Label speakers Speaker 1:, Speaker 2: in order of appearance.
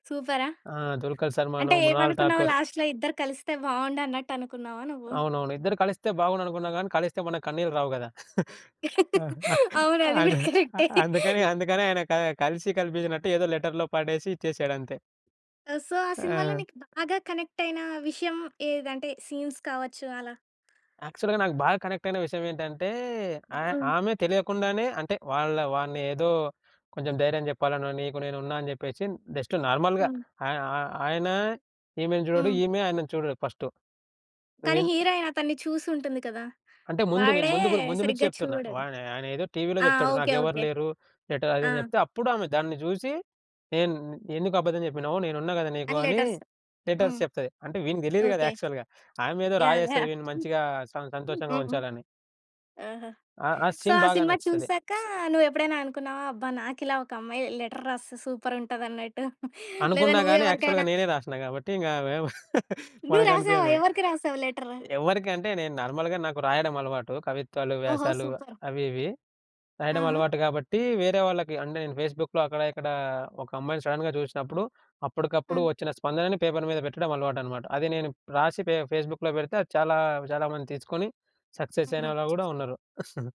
Speaker 1: సూపరా?
Speaker 2: ఆ! దుల్కర్
Speaker 1: అంటే
Speaker 2: సల్మాను, మృణాల్
Speaker 1: ఏమనుకున్నావు
Speaker 2: ఠాకూర్.
Speaker 1: లాస్ట్‌లో ఇద్దరు కలిస్తే బాగుండు అన్నట్టనుకున్నావా నువ్వు?
Speaker 2: అవునవును. ఇద్దరు కలిస్తే బాగుండుననుకున్నాం కానీ కలిస్తే మనకు కన్నీళ్ళు రావు గదా!
Speaker 1: అవును. అది గూడా
Speaker 2: అందు
Speaker 1: కరెక్టే.
Speaker 2: అందుకని అందుకని ఆయన క కలిసి కలిపించినట్టు ఏదో లెటర్‌లో పడేసి ఇచ్చేసాడంతే.
Speaker 1: ఆహ్, సో ఆ సినిమాలో
Speaker 2: ఆ!
Speaker 1: నీకు బాగా కనెక్టయిన విషయం ఏది అంటే సీన్స్ కావచ్చు అలా?
Speaker 2: యాక్చువల్‌గా నాకు బాగా కనెక్టయిన విషయమేంటంటే ఆ
Speaker 1: హ్మ్.
Speaker 2: ఆమె తెలియకుండానే అంటే వాళ్ళ వాడిని ఏదో కొంచెం ధైర్యం జెప్పాలనో నీకు నేనున్నా అని జెప్పేశి జస్ట్ నార్మల్‌గా
Speaker 1: హ్మ్.
Speaker 2: ఆ ఆ ఆయన ఈమెను చూడడు,
Speaker 1: హ్మ్.
Speaker 2: ఈమె ఆయనను చూడదు ఫస్టు.
Speaker 1: కానీ
Speaker 2: నువ్వేం
Speaker 1: హీరోయిను అతన్ని చూసుంటుంది కదా!
Speaker 2: అంటే ముందు నేను
Speaker 1: వాడే
Speaker 2: ముందు గూడ ముందు నుంచి
Speaker 1: సరిగ్గా
Speaker 2: జెప్తున్నా. వా
Speaker 1: చూడడు.
Speaker 2: ఆయన ఏదో టీవీలో
Speaker 1: ఆ!
Speaker 2: జెప్తాడు
Speaker 1: ఓకే
Speaker 2: నాకెవరు
Speaker 1: ఓకే.
Speaker 2: లేరు. లెటరు అది ఇది
Speaker 1: ఆ!
Speaker 2: అని జెప్తే, అప్పుడు ఆమె దాన్ని జూసి నేను ఎందుకబద్ధం జెప్పినవు నేనున్నా గదా! నీకు
Speaker 1: అండ్
Speaker 2: అని
Speaker 1: లెటర్స్
Speaker 2: లెటర్స్
Speaker 1: హ్మ్.
Speaker 2: చెప్తాది. అంటే వీనికి తెలీదు గదా!
Speaker 1: ఓకే.
Speaker 2: యాక్చువల్‌గా ఆమె ఏదో
Speaker 1: యాహ్!
Speaker 2: రాయేస్తది
Speaker 1: యాహ్!
Speaker 2: వీడిని మంచిగా స సంతోషంగా
Speaker 1: హుహు.
Speaker 2: ఉంచాలని.
Speaker 1: ఆ!
Speaker 2: ఆ ఆ
Speaker 1: సో
Speaker 2: సీన్
Speaker 1: ఆ
Speaker 2: బాగా
Speaker 1: సినిమా
Speaker 2: నచ్చుతది.
Speaker 1: చూసాక నువ్వెప్పుడైనా అనుకున్నావా? అబ్బా! నాకిలా ఒక అమ్మాయి లెటర్ రాస్తే సూపర్ ఉంటదన్నట్టు లేదా
Speaker 2: అనుకున్నా
Speaker 1: నువ్వు
Speaker 2: గానీ యాక్చువల్‌గా
Speaker 1: ఎవరికైనా?
Speaker 2: నేనే రాశినా గాబట్టి ఇంక అవేం
Speaker 1: నువ్వు
Speaker 2: మనకు
Speaker 1: రాసావా?
Speaker 2: అనిపియదిగ.
Speaker 1: ఎవరికి రాసావు లెటరు?
Speaker 2: ఎవరికంటే నేను నార్మల్‌గా నాకు రాయడం అలవాటు కవిత్వాలు,
Speaker 1: ఓహో!
Speaker 2: వ్యాసాలు
Speaker 1: సూపర్!
Speaker 2: అవి ఇవి. రాయడం
Speaker 1: ఆహా!
Speaker 2: అలవాటు గాబట్టి వేరే వాళ్ళకి అంటే నేను ఫేస్‌బుక్‌లో అక్కడ ఇక్కడ ఒక అమ్మాయిని సడెన్‌గా జూశినప్పుడు
Speaker 1: ఆ!
Speaker 2: అప్పటికప్పుడు ఒచ్చిన స్పందనను పేపరు మీద బెట్టడం అలవాటనమాట. అది నేను రాసి ఫే ఫేస్‌బుక్‌లో బెడితే అది చాలా చాలా మందిని తీసుకొని సక్సెస్ అయినవాళ్ళు
Speaker 1: ఆహా!
Speaker 2: గూడా ఉన్నారు.